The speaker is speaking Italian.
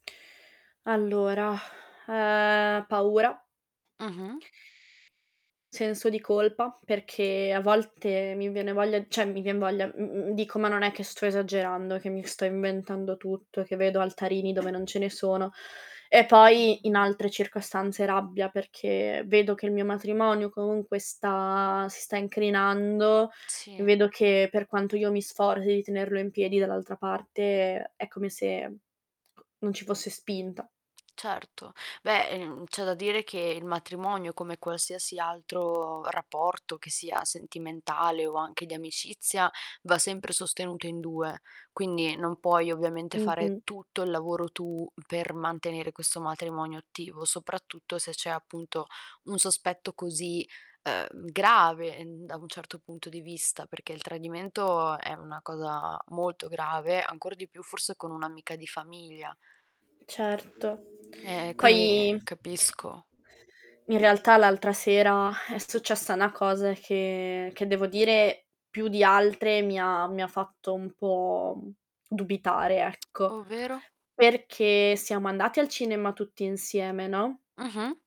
Allora, ehm, paura, Mh-mh. senso di colpa, perché a volte mi viene voglia, cioè mi vien voglia, m mhmm, dico: "Ma non è che sto esagerando, e che mi sto inventando tutto, che vedo altarini dove non ce ne sono" e poi, in Mh-mh. altre circostanze, rabbia perché vedo che il mio matrimonio comunque sta si sta incrinando e Sì. vedo che per quanto io mi sforzi di tenerlo in piedi, dall'altra parte è come se non ci fosse spinta. Certo, beh, ehm, c'è da dire che il matrimonio come qualsiasi altro rapporto che sia sentimentale o anche di amicizia, va sempre sostenuto in 2. Quindi non puoi ovviamente fare Mh-mh. tutto il lavoro tu per mantenere questo matrimonio attivo, soprattutto se c'è appunto un sospetto così, uhm, grave da un certo punto di vista, perché il tradimento è una cosa molto grave, ancor di più forse con un'amica di famiglia. Certo. Ehm, e quindi Poi capisco. in realtà l'altra sera è successa 'na cosa che che devo dire più di altre mi ha mi ha fatto un po', mhmm, dubitare ecco, Ovvero? perché siamo andati al cinema tutti insieme, no? Mh-mh.